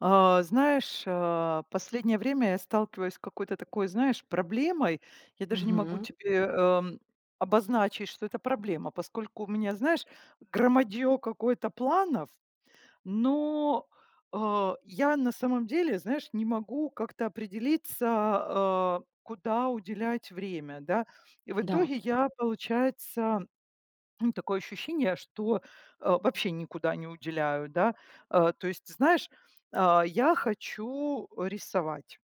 А знаешь, а, последнее время я сталкиваюсь с какой-то такой, знаешь, проблемой. Я даже не могу Мгм. тебе, эм, обозначить, что это проблема, поскольку у меня, знаешь, громадье какое-то планов, но, э, я, на самом деле, знаешь, не могу как-то определиться, э, куда уделять время, да. И в Да. итоге я, получается, м, такое ощущение, что, э, вообще никуда не уделяю, да. Э, то есть, знаешь, а, я хочу рисовать.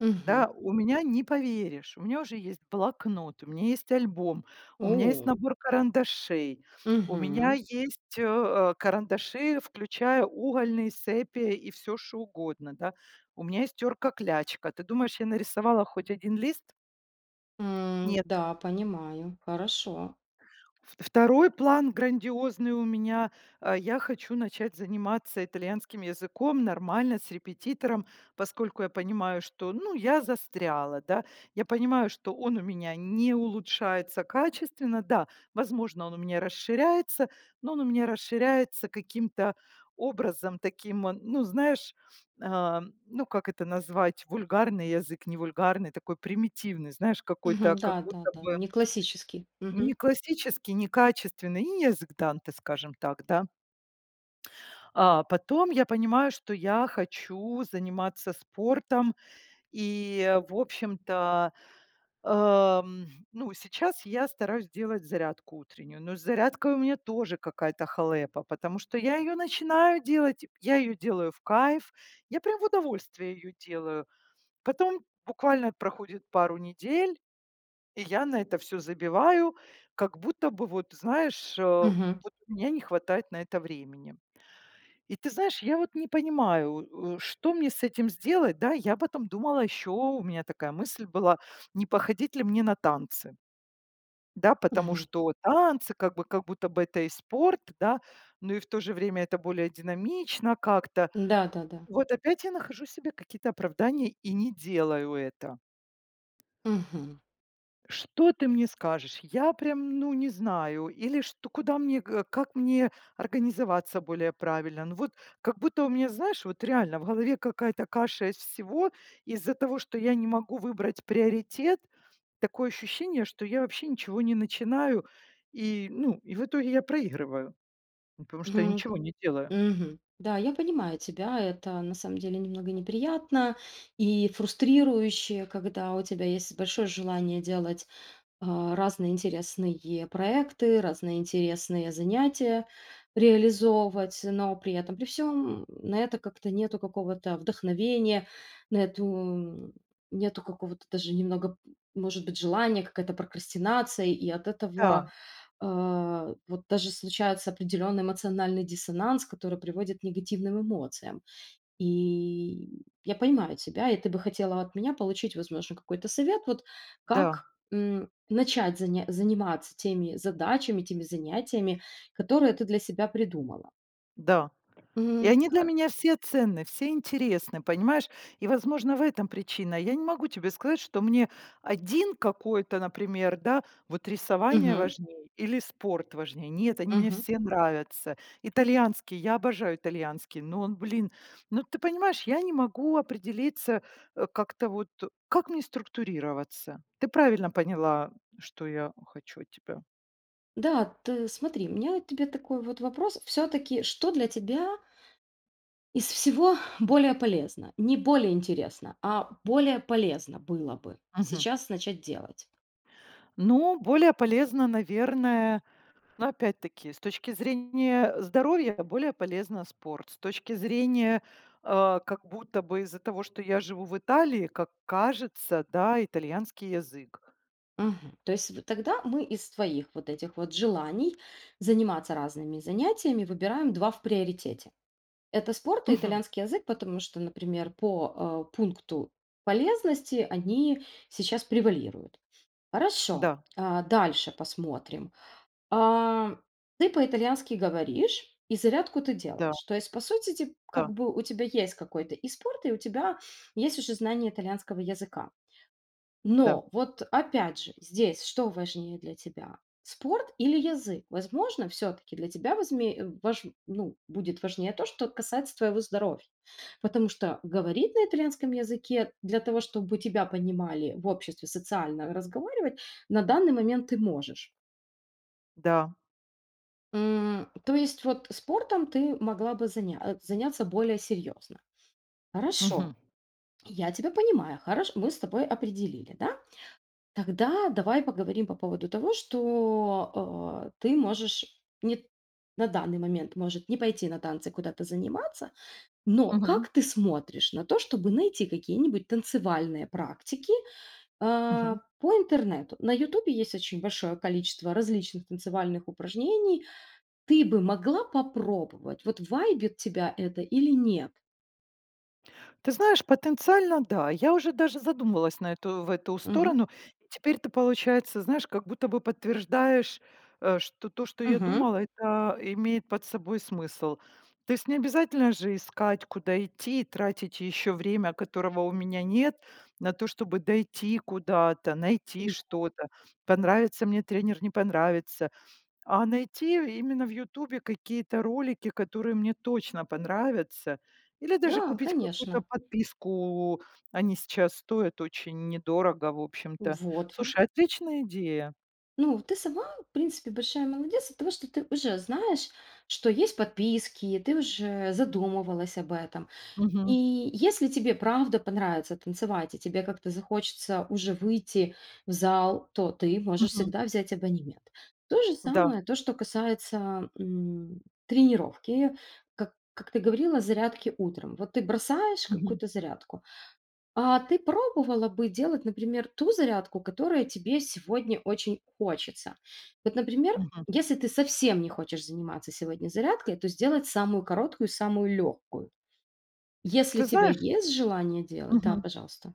Мгм. Да, у меня, не поверишь, у меня уже есть блокнот, у меня есть альбом, у меня есть О! набор карандашей, у меня Мгм. есть, э, э, карандаши, включая угольные, сепия и всё что угодно, да. У меня есть терка-клячка. Ты думаешь, я нарисовала хоть один лист? М, Нет. да, понимаю. Хорошо. Второй план грандиозный у меня. А, я хочу начать заниматься итальянским языком нормально с репетитором, поскольку я понимаю, что, ну, я застряла, да. Я понимаю, что он у меня не улучшается качественно. Да, возможно, он у меня расширяется, но он у меня расширяется каким-то образом таким, э, ну, знаешь, а, ну, как это назвать, вульгарный язык, не вульгарный, такой примитивный, знаешь, Мгм. какой-то как Да да будто да, бы неклассический. Мгм. ...неклассический, некачественный, не язык Данте, скажем так, да. А, потом я понимаю, что я хочу заниматься спортом и, в общем-то, ам, ну, сейчас я стараюсь делать зарядку утреннюю, но с зарядкой у меня тоже какая-то халепа, потому что я ее начинаю делать, я ее делаю в кайф. Я прям в удовольствие ее делаю. Потом буквально проходит недель, и я на это всё забиваю, как будто бы, вот знаешь, э, Мгм. вот у меня не хватает на это времени. И ты знаешь, я вот не понимаю, у у, что мне с этим сделать. Да, я потом думала еще, у меня такая мысль была, не походить ли мне на танцы. Да, потому Мгм. что танцы как бы, как будто бы это и спорт, да, но и в то же время это более динамично как-то. Да, да да. Вот опять я нахожу себе какие-то оправдания и не делаю это. Мгм. Что ты мне скажешь? Я прям, ну, не знаю. Или что, куда мне, э, как мне организоваться более правильно? Ну, вот как будто у меня, знаешь, вот реально в голове какая-то каша из всего. Из-за того, что я не могу выбрать приоритет, такое ощущение, что я вообще ничего не начинаю. И ну, и в итоге я проигрываю, ну, потому что я Мгм. ничего не делаю. Мгм. Да, я понимаю тебя. Это на самом деле немного неприятно и фрустрирующе, когда у тебя есть большое желание делать, а, разные интересные проекты, разные интересные занятия реализовывать, но при этом при всём, м, на это как-то нету какого-то вдохновения, на эту, м Нету какого-то даже немного, п может быть, желания, какая-то прокрастинация, и от этого, Да. а, вот даже случается определённый эмоциональный диссонанс, который приводит к негативным эмоциям. И, м, я понимаю тебя, и ты бы хотела от меня получить, возможно, какой-то совет вот, Да. как, м, начать заня заниматься теми задачами, теми занятиями, которые ты для себя придумала. Да, и М. они для Хо меня все ценны, все интересны, понимаешь, и, возможно, в этом причина. Я не могу тебе сказать, что мне один какой-то, например, да, вот рисование Мгм. важнее или спорт важнее. Нет, они мне Мгм. все нравятся. Итальянский, я обожаю итальянский, но он, блин, ну, ты понимаешь, я не могу определиться, э, как-то вот э. Как мне структурироваться? Ты правильно поняла, что я хочу от тебя. Да, ты смотри, у меня вот к тебе такой вот вопрос. Всё-таки, что для тебя из всего более полезно? Не более интересно, а более полезно было бы Мгм. сейчас начать делать? Ну, более полезно, наверно Ну, опять-таки, с точки зрения здоровья более полезно спорт, с точки зрения, э, как будто бы из-за того, что я живу в Италии, как кажется, да, итальянский язык. Мгм, то есть тогда мы из твоих вот этих вот желаний заниматься разными занятиями выбираем 2 в приоритете. Это спорт и Мгм. итальянский язык, потому что, например, по, э, пункту полезности они сейчас превалируют. Хорошо, Да. э, дальше посмотрим. А ты по-итальянски говоришь, и зарядку ты Да. делаешь. То есть, по сути, те Да. как бы у тебя есть какой-то и спорт, и у тебя есть уже знание итальянского языка. Да. Но вот, опять же, здесь что важнее для тебя? Спорт или язык? Возможно, всё-таки для тебя возме э, вож ну, будет важнее то, что касается твоего здоровья. Потому что говорить на итальянском языке для того, чтобы тебя понимали в обществе, социально разговаривать, на данный момент ты можешь. Да. М. То есть, вот спортом ты могла бы заня заняться более серьёзно. Хорошо, Мгм. я тебя понимаю, хорош мы с тобой определили, да? Тогда давай поговорим по поводу того, что, а, ты можешь, нет, на данный момент может не пойти на танцы куда-то заниматься. Но Мгм. как ты смотришь на то, чтобы найти какие-нибудь танцевальные практики, э, Мгм. по интернету? На "Ютубе" есть очень большое количество различных танцевальных упражнений. Ты бы могла попробовать, вот вайбит тебя это или нет? Ты знаешь, потенциально да. Я уже даже задумывалась на эту в эту Мгм. сторону. Э, теперь ты, получается, знаешь, как будто бы подтверждаешь, э, что то, что я Мгм. думала, это, а, имеет под собой смысл. То есть не обязательно же искать, куда идти, тратить ещё время, которого у меня нет, на то, чтобы дойти куда-то. Найти Тяжело. что-то, понравится мне тренер, не понравится. А найти именно в "Ютубе" какие-то ролики, которые мне точно понравятся, или даже Да, купить какую-то конечно. подписку. Они сейчас стоят очень недорого, в общем-то. Вот ви Слушай, отличная идея! Ну, ты сама, в принципе, большая молодец от того, что ты уже знаешь, что есть подписки, ты уже задумывалась об этом. И Мгм. если тебе правда понравится танцевать, и тебе как-то захочется уже выйти в зал, то ты можешь Мгм. всегда взять абонемент. То же Да. самое, то, что касается, м, тренировки. Как как ты говорила, зарядки утром. Вот ты бросаешь Мгм. какую-то зарядку. А ты пробовала бы делать, например, ту зарядку, которая тебе сегодня очень хочется? Вот, например, Мгм. если ты совсем не хочешь заниматься сегодня зарядкой, то сделать самую короткую и самую легкую. Если Ты тебя знаешь есть желание делать, да, Мгм. пожалуйста.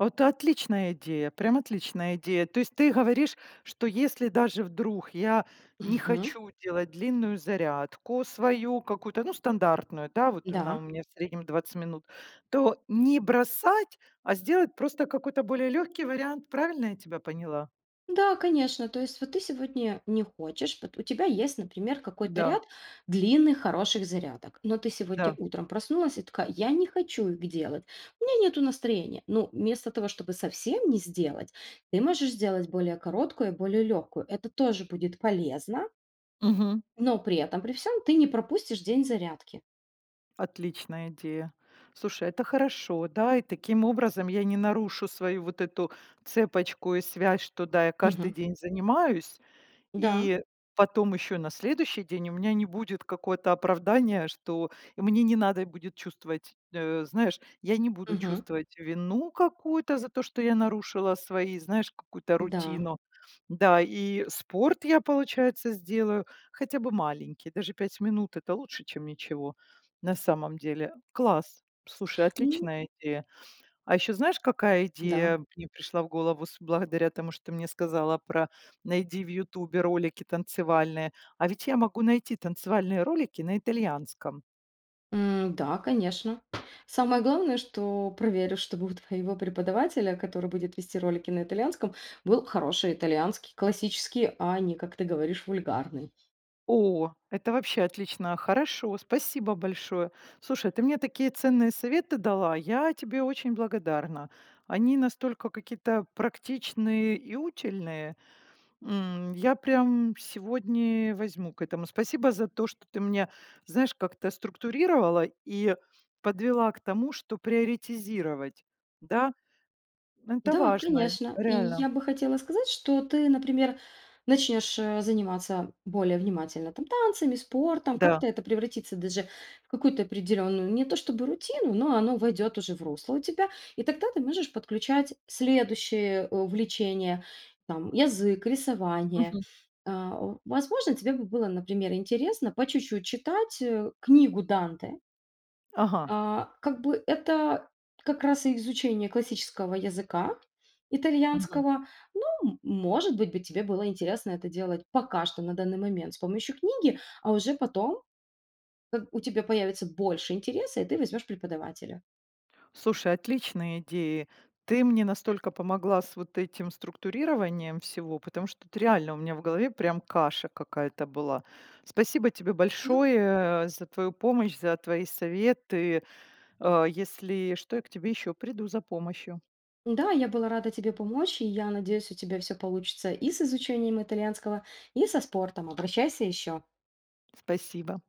Это отличная идея, прям отличная идея! То есть ты говоришь, что если даже вдруг я не Мгм. хочу делать длинную зарядку свою какую-то, ну, стандартную, да. Вот она у Да. меня в среднем 20 минут, то не бросать, а сделать просто какой-то более лёгкий вариант. Правильно я тебя поняла? Да, конечно. То есть вот ты сегодня не хочешь, пот у тебя есть, например, какой-то Да. ряд длинных хороших зарядок, но ты сегодня Да. утром проснулась и такая: "Я не хочу их делать, у меня нету настроения". Ну, вместо того, чтобы совсем не сделать, ты можешь сделать более короткую и более легкую. Это тоже будет полезно Мгм. Но при этом при всём ты не пропустишь день зарядки. Отличная идея. Слушай, это хорошо. Да, и таким образом я не нарушу свою вот эту цепочку и связь, что да, я каждый Мгм. день занимаюсь. Да. И потом ещё на следующий день у меня не будет какое-то оправдание, что и мне не надо будет чувствовать Э, знаешь, я не буду Мгм. чувствовать вину какую-то за то, что я нарушила свои, знаешь, какую-то Да. рутину. Да, и спорт я, получается, сделаю хотя бы маленький. Даже 5 минут- это лучше, чем ничего, на самом деле. Класс. Слушай, М. отличная идея. А еще знаешь, какая Да. идея мне пришла в голову с благодаря тому, что ты мне сказала про: "Найди в "Ютубе" ролики танцевальные". А ведь я могу найти танцевальные ролики на итальянском. М-да, конечно. Самое главное, что проверь, э, чтобы у твоего преподавателя, который будет вести ролики на итальянском, был хороший итальянский, классический, а не, как ты говоришь, вульгарный. О, это вообще отлично, хорошо, спасибо большое! Слушай, ты мне такие ценные советы дала, я тебе очень благодарна. Они настолько какие-то практичные и утильные. М, я прям сегодня возьму к этому. Спасибо за то, что ты меня, знаешь, как-то структурировала и подвела к тому, что приоритизировать. Да, м, это Да, важно. конечно. И Реально. я бы хотела сказать, что ты, например, начнешь, э, заниматься более внимательно там танцами, спортом. Да. Как-то это превратится даже в какую-то определенную не то чтобы рутину, но оно войдет уже в русло у тебя. И тогда ты можешь подключать следующие, э, увлечения, там: язык, рисование. Мгм. Э, о, возможно, тебе бы было, например, интересно по чуть-чуть читать, э, книгу Данте. Ага. А, как бы это как раз и изучение классического языка Мгм. итальянского. Ну, м может быть, бы тебе было интересно это делать пока что на данный момент с помощью книги, а уже потом, как у тебя появится больше интереса и ты возьмешь преподавателя. Слушай, отличные идеи. Ты мне настолько помогла с вот этим структурированием всего, потому что тут реально у меня в голове прям каша какая-то была. Спасибо тебе Ну большое, э, за твою помощь, за твои советы! О, если что, я к тебе ещё приду за помощью. Да, я была рада тебе помочь. И я надеюсь, у тебя всё получится и с изучением итальянского, и со спортом. Обращайся ещё! Спасибо!